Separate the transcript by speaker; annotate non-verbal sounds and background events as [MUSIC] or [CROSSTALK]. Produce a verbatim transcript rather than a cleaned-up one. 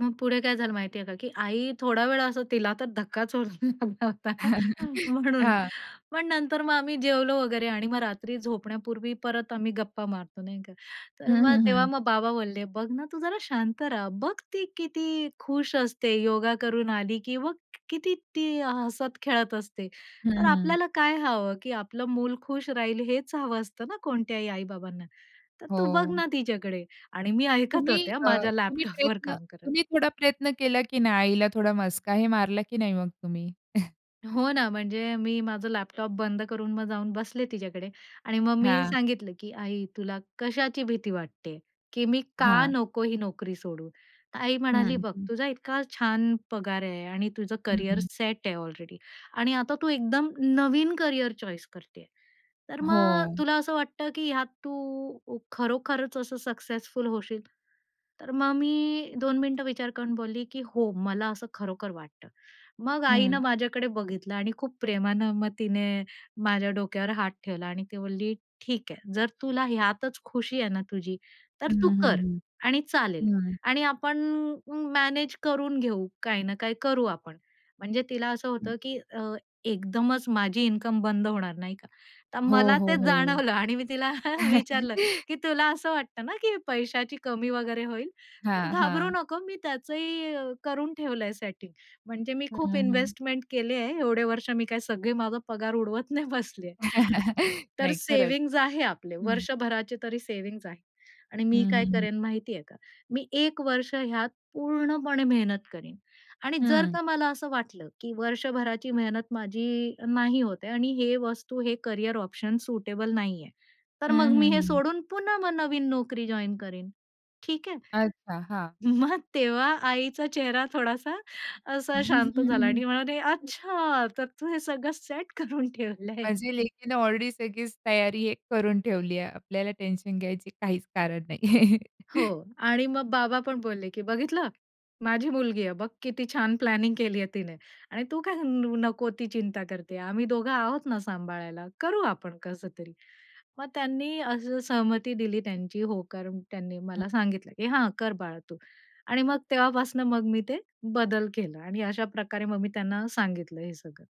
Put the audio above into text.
Speaker 1: मग पुढे काय झालं माहिती आहे का की आई थोडा वेळ असं तिला तर धक्काच होऊन लागला होता,
Speaker 2: [LAUGHS]
Speaker 1: म्हणून.
Speaker 2: हां.
Speaker 1: पण नंतर मग आम्ही जेवलो वगैरे आणि मग रात्री झोपण्यापूर्वी परत आम्ही गप्पा मारतो, नाही का?
Speaker 2: हं,
Speaker 1: तर मग
Speaker 2: हं,
Speaker 1: तेव्हा
Speaker 2: हं.
Speaker 1: मग बाबा बोलले, "बघ ना तू जरा शांत रहा. बघ ती किती खुश असते योगा करून आली की मग किती ती हसत खेळत असते.
Speaker 2: हं,
Speaker 1: तर
Speaker 2: हं.
Speaker 1: आपल्याला काय हवं? की आपलं मूल खुश राहील, हेच हवं असतं ना कोणत्याही आई-बाबांना? तर तू बघ
Speaker 2: हो.
Speaker 1: ना तिच्याकडे" आणि मी ऐकत
Speaker 2: तुम्ही
Speaker 1: होत्या
Speaker 2: अ,
Speaker 1: माझ्या
Speaker 2: तुम्ही
Speaker 1: लॅपटॉपवर
Speaker 2: प्रयत्न
Speaker 1: काम करत.
Speaker 2: तुम्ही थोडा प्रयत्न केला की नाही? आईला थोडा मस्का हे मारला की नाही मग तुम्ही? [CHUCKLES]
Speaker 1: हो ना, म्हणजे मी माझं लॅपटॉप बंद करून मग जाऊन बसले तिच्याकडे आणि मग मी
Speaker 2: हां.
Speaker 1: सांगितलं की "आई तुला कशाची भीती वाटते? की मी का
Speaker 2: हां.
Speaker 1: नको ही नोकरी सोडू?" तर आई म्हणाली,
Speaker 2: हं,
Speaker 1: "बघ
Speaker 2: हं.
Speaker 1: तुझा इतका छान पगार आहे आणि तुझं
Speaker 2: हं,
Speaker 1: कॅरियर
Speaker 2: हं.
Speaker 1: सेट आहे अलरेडी आणि आता तू एकदम नवीन कॅरियर चॉईस करतेय. तर मग
Speaker 2: हो.
Speaker 1: तुला असं वाटतं की ह्यात तू खरोखरच असं सक्सेसफुल होशील?" तर मग मी दोन मिनिटं विचार करून बोलली की "हो, मला असं खरोखर वाटतं." मग आईनं
Speaker 2: हं.
Speaker 1: माझ्याकडे बघितलं आणि खूप प्रेमानं मग तिने माझ्या डोक्यावर हात ठेवला आणि ती म्हणली, "ठीक आहे, जर तुला ह्यातच खुशी आहे ना तुझी तर
Speaker 2: हं,
Speaker 1: तू
Speaker 2: हं, हं,
Speaker 1: कर आणि चालेल
Speaker 2: हं. हं.
Speaker 1: आणि आपण म मॅनेज करून घेऊ. काही ना काही करू आपण." म्हणजे तिला असं
Speaker 2: हं.
Speaker 1: होतं, की अ, एकदमच माझी इन्कम बंद होणार, नाही का? तर
Speaker 2: हो,
Speaker 1: मला
Speaker 2: हो,
Speaker 1: ते
Speaker 2: हो.
Speaker 1: जाणवलं आणि मी तिला विचारलं
Speaker 2: [LAUGHS]
Speaker 1: की "तुला असं वाटतं ना की पैशाची कमी वगैरे होईल? तर
Speaker 2: हां,
Speaker 1: घाबरू
Speaker 2: हां.
Speaker 1: नको मी त्याचही करून ठेवलंय सेटिंग. म्हणजे मी
Speaker 2: हं,
Speaker 1: खूप
Speaker 2: हं, हं.
Speaker 1: इन्व्हेस्टमेंट केली आहे. एवढे वर्ष मी काय सगळे माझा पगार उडवत नाही बसली आहे.
Speaker 2: [LAUGHS]
Speaker 1: तर
Speaker 2: नाही खरंच.
Speaker 1: सेव्हिंग्ज आहे आपले.
Speaker 2: हं.
Speaker 1: वर्षभराचे तरी सेव्हिंग्ज आहे. आणि
Speaker 2: हं,
Speaker 1: मी काय
Speaker 2: हं, हं.
Speaker 1: करेन माहिती आहे का? मी एक वर्ष ह्यात पूर्णपणे मेहनत करीन आणि जर
Speaker 2: हं.
Speaker 1: का मला असं वाटलं की वर्षभराची मेहनत माझी नाही होत आहे आणि हे वस्तू, हे कॅरियर ऑप्शन सुटेबल नाहीये, तर
Speaker 2: हं,
Speaker 1: मग मी
Speaker 2: हं,
Speaker 1: हे
Speaker 2: हं.
Speaker 1: सोडून पुन्हा मग नवीन नोकरी जॉइन करीन, ठीक आहे?"
Speaker 2: अच्छा, हां.
Speaker 1: मग तेव्हा आईचा चेहरा थोडासा असा शांत झाला आणि म्हणाले,
Speaker 2: [GIGGLES]
Speaker 1: "अच्छा! तर तू हे सगळं सेट करून ठेवलंय."
Speaker 2: माझी लेकीनं ऑलरेडी सगळीच तयारी हे करून ठेवली आहे. आपल्याला टेन्शन घ्यायची काहीच कारण नाहीये.
Speaker 1: हो
Speaker 2: [CHUCKLES]
Speaker 1: आणि मग बाबा पण बोलले की "बघितलं? माझी मुलगी आहे. बघ किती छान प्लॅनिंग केली आहे तिने आणि तू काय न नको ती चिंता करते आम्ही दोघं आहोत ना सांभाळायला, करू आपण कसतरी." मग त्यांनी असं सहमती दिली त्यांची, होकार त्यांनी मला
Speaker 2: हं.
Speaker 1: सांगितलं की "हां, कर बाळा तू" आणि मग तेव्हापासून मग मी ते बदल केला आणि अशा प्रकारे मग मी त्यांना सांगितलं हे सगळं.